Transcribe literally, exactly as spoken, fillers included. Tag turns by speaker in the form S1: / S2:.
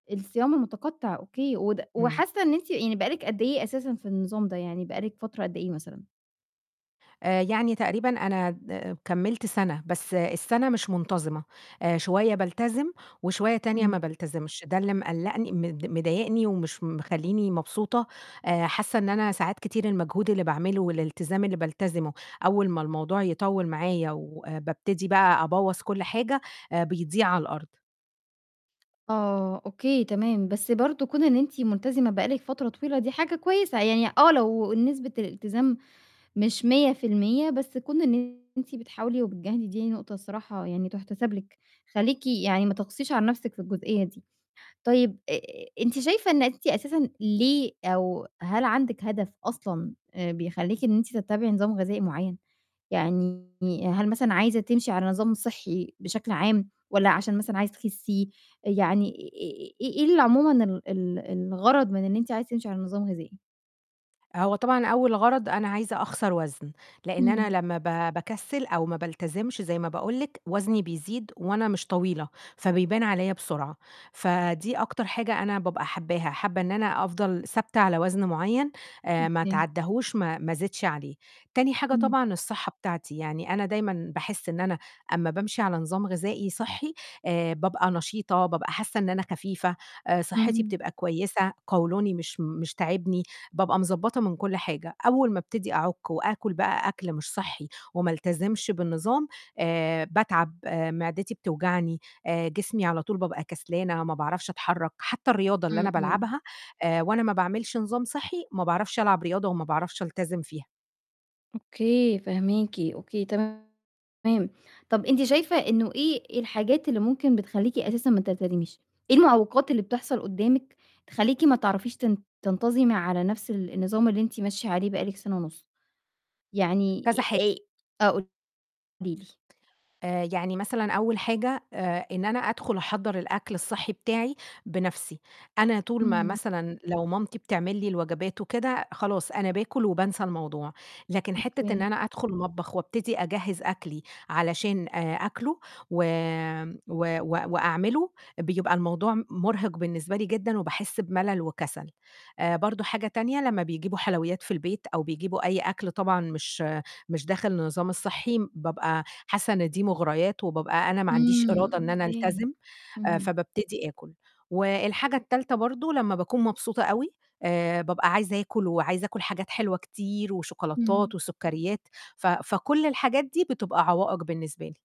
S1: الصيام المتقطع، أوكي، وده
S2: همم.
S1: وحاسّة إن أنتِ يعني بقى لِك قد إيه أساسًا في النظام ده؟ يعني بقى لِك فترة قد إيه مثلًا؟
S2: آآ يعني تقريبًا أنا د كمّلت سنة، بس السنة مش منتظمة، آآ شوية بالتزم وشوية تانية
S1: إمم.
S2: ما بالتزمش، ده اللي مقلّقني مض مضايقني ومش مخلّيني مبسوطة، آآ حاسّة إن أنا ساعات كتير المجهود اللي باعمله والالتزام اللي بالتزمه أول ما الموضوع يطوّل معايا وبابتدي بقى أبوّظ كلّ حاجة، آآ بيضيع على الأرض.
S1: آه، أوكي، تمام، بس برضه كون إن أنتِ ملتزمة بقى لِك فترة طويلة دي حاجة كويسة، يعني آه لو نسبة الإلتزام مش مِيّة في المِيّة، بس كون إن أنتِ بتحاولي وبتجاهدي دي نقطة الصراحة يعني تُحتسب لِك، خلّيكِ يعني ما تقسيش على نفْسِك في الجزئية دي. طيب آآ أنتِ شايفة إن أنتِ أساسَا، ليه أو هل عندِك هدف أصلًا بيخلّيكِ إن أنتِ تتّبعي نظام غذائي معيّن؟ يعني هل مثلًا عايزة تمشي على نظام صحّي بشكل عام، والَّا عشان مثلًا عايزة تخسّي؟ يعني آآ إيه اللي عمومًا ال ال الغرض من إن أنتِ عايزة تمشي على نظام غذائي؟
S2: هو طبعًا أول غرض أنا عايزة أخسر وزن، لإن أنا
S1: إمم.
S2: لمّا ب باكسّل أو ما بالتزمش زي ما باقول لِك وزني بيزيد وأنا مش طويلة، فبيبان عليَّ بسرعة، فدي أكتر حاجة أنا بابقى حباها، حابة إن أنا أفضل ثابتة على وزن معيّن، آآ ما
S1: أوكي.
S2: أتعداهوش ما ما أزيدش عليه، تاني حاجة
S1: إمم.
S2: طبعًا الصحة بتاعتي، يعني أنا دايمًا باحس إن أنا أمّا بامشي على نظام غذائي صحي، آآ بابقى نشيطة، بابقى حاسّة إن أنا خفيفة، آآ صحتي
S1: اهم.
S2: بتبقى كويسة، قولوني مش م مش تاعبني، بابقى مضبّطة من كلّ حاجة، أول ما أبتدي أعُك وآكل بقى أكل مش صحّي وما ألتزمش بالنظام، آآ باتعب، آآ معدتي بتوجعني، آآ جسمي على طول بابقى كسلانة، ما باعرفش أتحرّك، حتّى الرياضة اللي أنا
S1: إمم، إمم.
S2: بالعبها، آآ وأنا ما باعملش نظام صحي، ما باعرفش ألعب رياضة وما باعرفش ألتزم فيها.
S1: أوكي، فاهماكِ أوكي، تمام، طَب أنتِ شايفة إنه إيه الحاجات اللي ممكن بتخلّيكِ أساسًا ما تلتزميش؟ إيه المعوقات اللي بتحصل قدّامِك تخلّيكِ ما تعرفيش تن تنتظمي على نفْس ال النظام اللي أنتِ ماشية عليه بقى لِك سنة ونُص؟ يعني
S2: كذا حا
S1: آآ آه، قولي لي.
S2: آآ يعني مثلًا أول حاجة، آآ إن أنا أدخُل أحضّر الأكل الصحي بتاعي بنفْسي، أنا طول ما
S1: إمم.
S2: مثلًا لو مامتي بتعمل لي الوجبات وكده، خلاص أنا باكل وبانسى الموضوع، لكن حتّة إن
S1: أوكي.
S2: أنا أدخُل المطبخ وأبتدي أجهّز أكلي علشان آآ آكله، وآمم و وأعمله، بيبقى الموضوع مُرهق بالنسبة لي جدًا وباحس بملل وكسل، آآ برضه حاجة تانية، لمّا بيجيبوا حلويات في البيت أو بيجيبوا أي أكل طبعًا مش مش داخل النظام الصحي، بابقى حاسّة إن دي مغريات، وبابقى أنا ما عنديش
S1: إمم،
S2: إرادة إن أنا
S1: أوكي.
S2: ألتزم،
S1: اهم.
S2: فبابتدي آكل، والحاجة التالتة برضه، لمّا باكون مبسوطة أوي، آآ بابقى عايزة آكل وعايزة آكل حاجات حلوة كتير
S1: إمم.
S2: وشوكولاتات وسُكّريات، ف فكلّ الحاجات دي بتبقى عوائق بالنسبة لي.